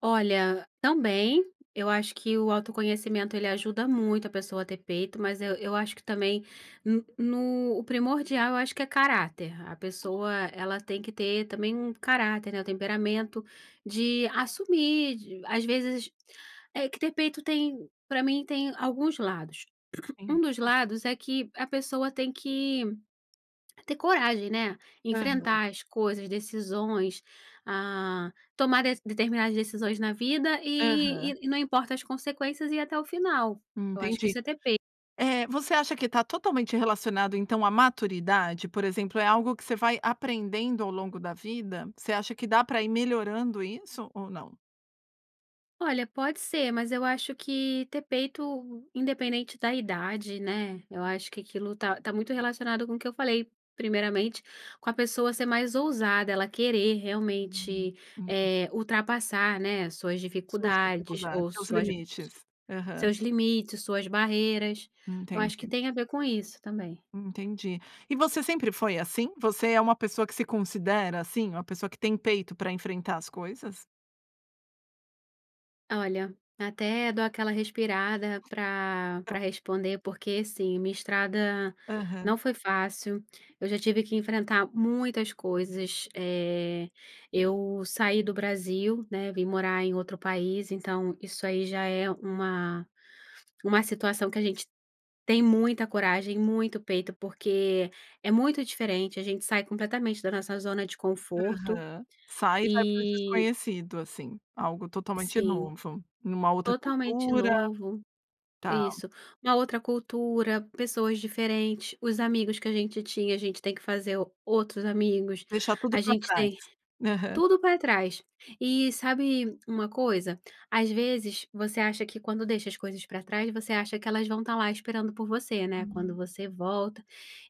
Olha, também, eu acho que o autoconhecimento ele ajuda muito a pessoa a ter peito, mas eu eu acho que também no o primordial eu acho que é caráter, a pessoa ela tem que ter também um caráter, né, o temperamento, de assumir, de às vezes, tem que ter peito tem pra mim tem alguns lados. Um Hum, dos tá. lados é que a pessoa tem que ter coragem, né, Aham. enfrentar as coisas, decisões, ah, tomar de determinadas decisões na vida Aham. e e e não importa as consequências ir até o final. Eu acho que Entendi. isso é ter peito. Eh, você acha que tá totalmente relacionado, então, à maturidade? Por exemplo, é algo que você vai aprendendo ao longo da vida? Você acha que dá para ir melhorando isso ou não? Olha, pode ser mas eu acho que ter peito independente da idade, né, eu acho que aquilo tá tá muito relacionado com o que eu falei primeiramente, com a pessoa ser mais ousada, ela querer Hum, realmente, entendi. eh, ultrapassar, né, as suas Suas dificuldades dificuldades, ou seus suas limites. Aham. seus limites, suas barreiras, eu acho que Entendi. tem a ver com isso também. Entendi. E você sempre foi assim? Você é uma pessoa que se considera, assim, uma pessoa que tem peito para enfrentar as coisas? Olha, até dou aquela respirada pra pra [unintelligible] responder, porque assim, minha estrada Aham. não foi fácil, eu já tive que enfrentar muitas coisas, eh, eu saí do Brasil, né, vim morar em outro país, então isso aí já é uma uma situação que a gente tem muita coragem, muito peito, porque é muito diferente, a gente sai completamente da nossa zona de conforto, Aham. Sai e vai para o e desconhecido, assim, algo totalmente Sim, novo em uma outra totalmente cultura novo, tá. isso, uma outra cultura, pessoas diferentes, os amigos que a gente tinha a gente tem que fazer outros amigos, Deixar a tudo para gente tem trás. tudo para trás. E sabe uma coisa? Às vezes você acha que quando deixa as coisas para trás, você acha que elas vão estar lá esperando por você, né, quando Hum. você volta.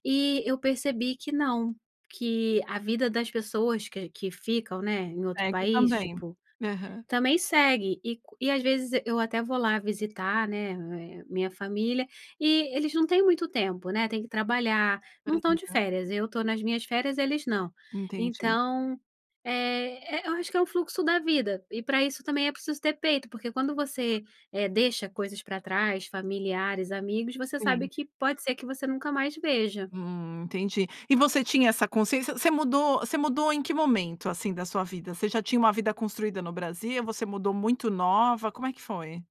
E eu percebi que não, que a vida das pessoas que que ficam, né, em outro Segue país também. tipo, Aham. também segue. E e às vezes eu até vou lá visitar, né, minha família, e eles não têm muito tempo, né, têm que trabalhar, não estão de Aham. férias, eu estou nas minhas férias eles não. Entendi. Então, eh, e eu acho que é um fluxo da vida, e para isso também é preciso ter peito, porque quando você, eh, deixa coisas para trás, familiares, amigos, você sabe Sim. que pode ser que você nunca mais veja. Hum. Entendi. E você tinha essa consciência, você mudou você mudou em que momento, assim, da sua vida? Você já tinha uma vida construída no Brasil, você mudou muito nova, como é que foi?